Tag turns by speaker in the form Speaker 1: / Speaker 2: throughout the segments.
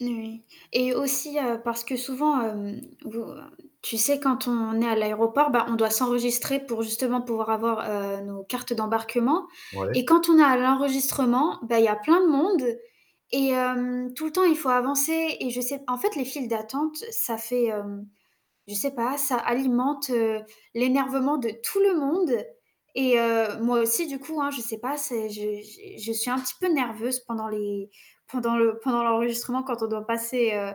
Speaker 1: N oui et aussi, heu, parce que souvent, hem, vous tu sais quand on est à l'aéroport, bah, on doit s'enregistrer pour, justement, pouvoir avoir, heu, nos cartes d'embarquement et
Speaker 2: Ouais.
Speaker 1: quand on est à l'enregistrement, bah, il y a plein de monde et hem, tout le temps il faut avancer et je sais en fait, les files d'attente, ça fait, hem, je sais pas, ça alimente, heu, l'énervement de tout le monde et heu, moi aussi du coup, hein. Je sais pas, c'est je j'ai je suis un petit peu nerveuse pendant les pendant le pendant l'enregistrement quand on doit passer, heu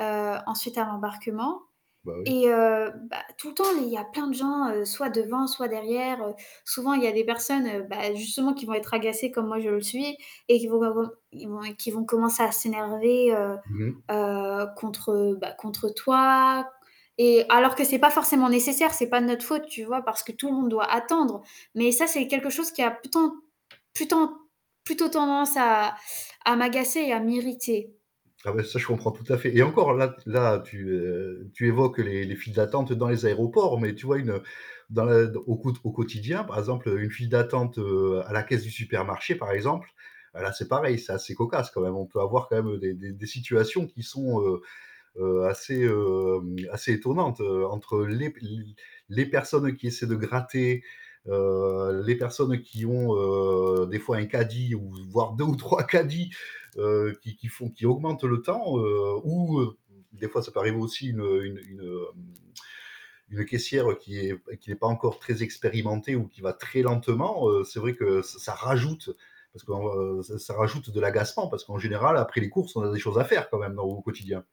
Speaker 1: heu, ensuite à l'embarquement
Speaker 2: Bah oui.
Speaker 1: et heu, bah, tout le temps, les il y a plein de gens, heu, soit devant, soit derrière, heu, souvent, il y a des personnes, bah, justement qui vont être agacées comme moi je le suis et qui vont bava ils vont qui vont commencer à s'énerver, heu
Speaker 2: Mmh mh.
Speaker 1: heu, contre, heu, bah, contre toi et alors que c'est pas forcément nécessaire. C'est pas de notre faute, tu vois? Parce que tout le monde doit attendre mais ça, c'est quelque chose qui a plutôt- plutôt- plutôt tendance à à m'agacer et à m'irriter.
Speaker 2: Ah ouais. Ça, je comprends tout à fait et encore là là, tu, heu, tu évoques les les files d'attente dans les aéroports mais tu vois, une, heu, dans le au quo au quotidien, par exemple une file d'attente, heu, à la caisse du supermarché par exemple, là c'est
Speaker 1: Mmh.
Speaker 2: pareil. C'est assez cocasse quand même. On peut avoir quand même des des des situations qui sont, heu heu, assez, hem, assez étonnantes, heu, entre les p l les les personnes qui essaient de gratter, heu, les personnes qui ont, heu, des fois un caddie ou voire 2 ou 3 caddies, heu, qui qui font qui augmentent le temps, heu, ou, heu, des fois ça peut arriver aussi, une, heu, u une, hem, une caissière qui est qui est pas encore très expérimentée ou qui va très lentement, heu, c'est vrai que ç ça rajoute, parce qu'en ç ça rajoute de l'agacement parce qu'en général, après les courses, on a des choses à faire quand même dans au quotidien.